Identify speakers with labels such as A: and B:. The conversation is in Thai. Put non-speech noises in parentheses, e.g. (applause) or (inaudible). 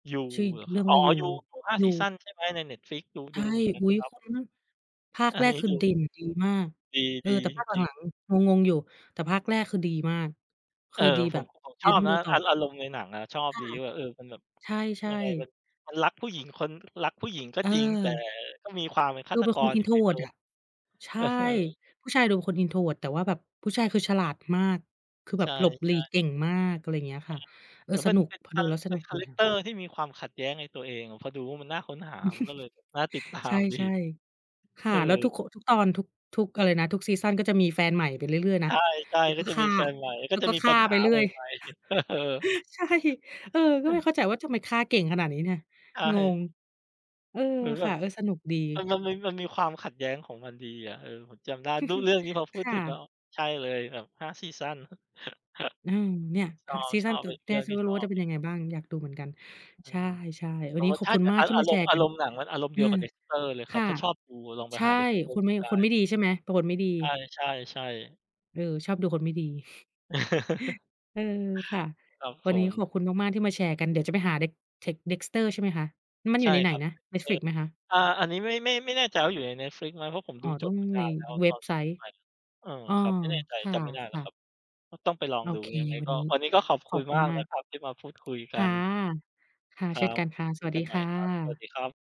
A: ยู
B: ชื่อ
A: เหรอ
B: เ
A: ค
B: ร
A: รั
B: ื่
A: บ
B: อง
A: อ
B: ว
A: ๋อ
B: ่า "ยู"
A: ยู ยู 5
B: ย
A: ซี
B: ู
A: ซันใช่ไหม ใน Netflix ดู
B: ใช
A: ด
B: ่
A: ูเหมือนกัน
B: อุ๊ย
A: ครับ
B: คุณ ฮ ภาค
A: อั
B: แร
A: นน
B: ก
A: ี้
B: คื
A: ด
B: อ
A: ู
B: เด่นดีมาก
A: ดี
B: เออ แต่ภาคห
A: ๆ จริง ๆ
B: ลัง ๆ งง ๆ อยู่ แต่ภาคแรกคือดีมาก ค
A: เอ่อ
B: ือดี
A: ผ
B: แบ
A: ม
B: บ
A: ผม ผม
B: เจ
A: ชอ
B: นต
A: บ
B: ้อง
A: น
B: ดู
A: ะ
B: ต่อ
A: อา อารมณ์ในหนังอะ ชอบ
B: ค่
A: ด
B: ะ
A: ีว่าแบบ เออ มันแบบ
B: ใช
A: ย
B: ่
A: ังไง
B: ๆ
A: มัน มันรักผู้หญิงคน รักผู้หญิงก็จริง แต่
B: เออ
A: ก็มีความเป็นฆ
B: ด
A: า
B: ู
A: ต
B: เป็น
A: ก
B: คน
A: รอยู่ในตั
B: Introvert
A: ว
B: อะ ใช
A: เอ
B: ่
A: อ
B: ผู้ชายดูเป็นคน Introvert แต่ว่าแบบผู้ชายคือฉลาดมาก คือแ
A: ใ
B: บ
A: ช
B: บ
A: ่
B: หลบหลีก
A: ๆ
B: เก่งมาก อะไรเงี้ย
A: อ
B: ค
A: า
B: ่ะ เอ
A: เ
B: อ
A: หมือนเ
B: ส
A: ป็น
B: นุก
A: เป็น
B: พอ
A: ค
B: ด
A: า
B: ูแล้วส
A: เป็
B: น
A: น
B: ุก
A: คา
B: ดี
A: แรก
B: ค่
A: เ
B: ะ
A: ตอร์ที่มีความขัดแย้งในตัวเองอะ พอดูแล้วมันน่าค้นหา มันก็เลยแบบน่าติด ตา
B: (chuckles) ใช
A: มดี
B: ่ ๆ ค
A: เ
B: ่
A: อ
B: ะ
A: อ
B: แล้วทุก ค ทุกตอน ทุก ทุกอะไรนะ ทุกซีซัน ก็จะมีแฟนใหม่ไปเรื่อย ๆ
A: ใ
B: นะ
A: ช่
B: แล้ว
A: ๆ ก
B: ก
A: ็
B: ็
A: จะ
B: ฆ
A: ม
B: ่
A: ี
B: า
A: แฟนใหม่ ก
B: แ
A: ็
B: ล้ว
A: จะ
B: ก็
A: มี
B: ฆ
A: ป
B: ่
A: ั
B: า
A: ญห
B: ไป
A: า
B: เรื่
A: ใ
B: อย
A: หม่ ๆ (chuckles) เออ
B: (chuckles) ใช่ เออ ก
A: อ
B: ็
A: ื
B: ไม
A: อ
B: ่เข้าใจว่า ทำไมฆ่าเก่งขนาดนี้เนี่ย
A: ใช
B: งง
A: ่
B: เออ
A: เหมือนแ
B: ค
A: บ
B: ่ะ
A: บ
B: เออ สนุกดี
A: มัน มันมี มันมีความขัดแย้งของมันดีอะ เออ ผมจำได้ ดู เรื่องนี้พ
B: (chuckles)
A: อพู
B: ค
A: ด
B: ่
A: ถึงแล้
B: ะ
A: ว ใช่เลยแบบ 5 ซีซัน (chuckles)
B: อืม เนี่ย ค่ะ ซี
A: ช
B: ซั
A: อ
B: น
A: บ
B: ต
A: ๆ
B: ่อ
A: เป็นอีก
B: เน
A: เ
B: ี
A: ร
B: ่
A: ื่
B: ย
A: อง
B: ฉั
A: ท
B: น
A: ี่
B: ก็ร
A: ช
B: ู้
A: อ
B: ว่า จ
A: บ
B: ะเป็น
A: (unintelligible)
B: ยังไงบ้าง อยากดูเหมือนกัน
A: อื
B: ใช
A: อ
B: ่ ๆ ว
A: อ
B: ัน
A: ๋อ
B: นี้ขอบ
A: ถ้า
B: คุณ
A: จะ
B: มา
A: อ
B: ก
A: า
B: ที่
A: อา
B: มา
A: ร
B: แช
A: มณ
B: ร
A: ์
B: ์
A: อ
B: ก
A: า
B: ั
A: ร
B: น
A: มณ์หนังมันอารมณ์
B: เ
A: เ
B: อ
A: ดี
B: อ
A: ยวกับ "Dexter" เลย
B: ค
A: ครั
B: ่
A: บ
B: ะ
A: ถ้าชอบดูลองไป
B: ใช่
A: หา "Dexter"
B: คน
A: ด
B: ไ
A: ู
B: ม่
A: ได้
B: คนไม่ดีใช่ไหม เป็นคนไม่ดี
A: ใช่ ๆ ๆ
B: เออ ชอบดูคนไม่ดี (chuckles)
A: (chuckles)
B: เออ ค่ะ
A: ครับ
B: วั
A: ผ
B: นนี้ข
A: ม
B: อบคุณมาก ๆ ที่มาแชร์กัน เดี๋ยวจะไปหา Dex text Dexter ใช่ไหมคะ มัน
A: ใ
B: อ
A: ช
B: ยู
A: ่
B: ่ในไหน
A: ครับ
B: นะ
A: เออ
B: Netflix ไหมคะ?
A: อ่า อันนี้ไม่ ไม่ ไม่แน่ใจว่าอยู่ใน Netflix ไหม เพราะผม
B: อ๋
A: ด
B: อ
A: ูจ
B: ต้อ
A: บ
B: ง
A: ไปน
B: ใน
A: านแล้ว
B: เว็บไซ
A: (unintelligible)
B: ต์
A: เออ
B: อ๋อ
A: ครับ ไม่แน่ใจ
B: ค
A: จำไม่ได้แล้
B: ่
A: ว
B: ะ
A: คร
B: ๆ
A: ับ ก็ต้องไปลอง
B: โอ
A: ดู
B: เค
A: ยังไง
B: วัน
A: ก็
B: นี้
A: วันนี้ก็ขอบ
B: ข
A: ค
B: อ
A: ุ
B: บ
A: ณ
B: คุ
A: ม
B: ณ
A: าก
B: มา
A: น
B: ก
A: ะครับ ที่มาพูดคุยก
B: ค
A: ั
B: ่ะ
A: น
B: ค่ะ
A: ค
B: เ
A: ร
B: ช่
A: ั
B: น
A: บ
B: กันค่ะ ส
A: คุ
B: ว
A: ย
B: ัส
A: กั
B: ดี
A: นใหม
B: ค
A: ่
B: ่
A: ครับ สวัส
B: ะ
A: ดีครับ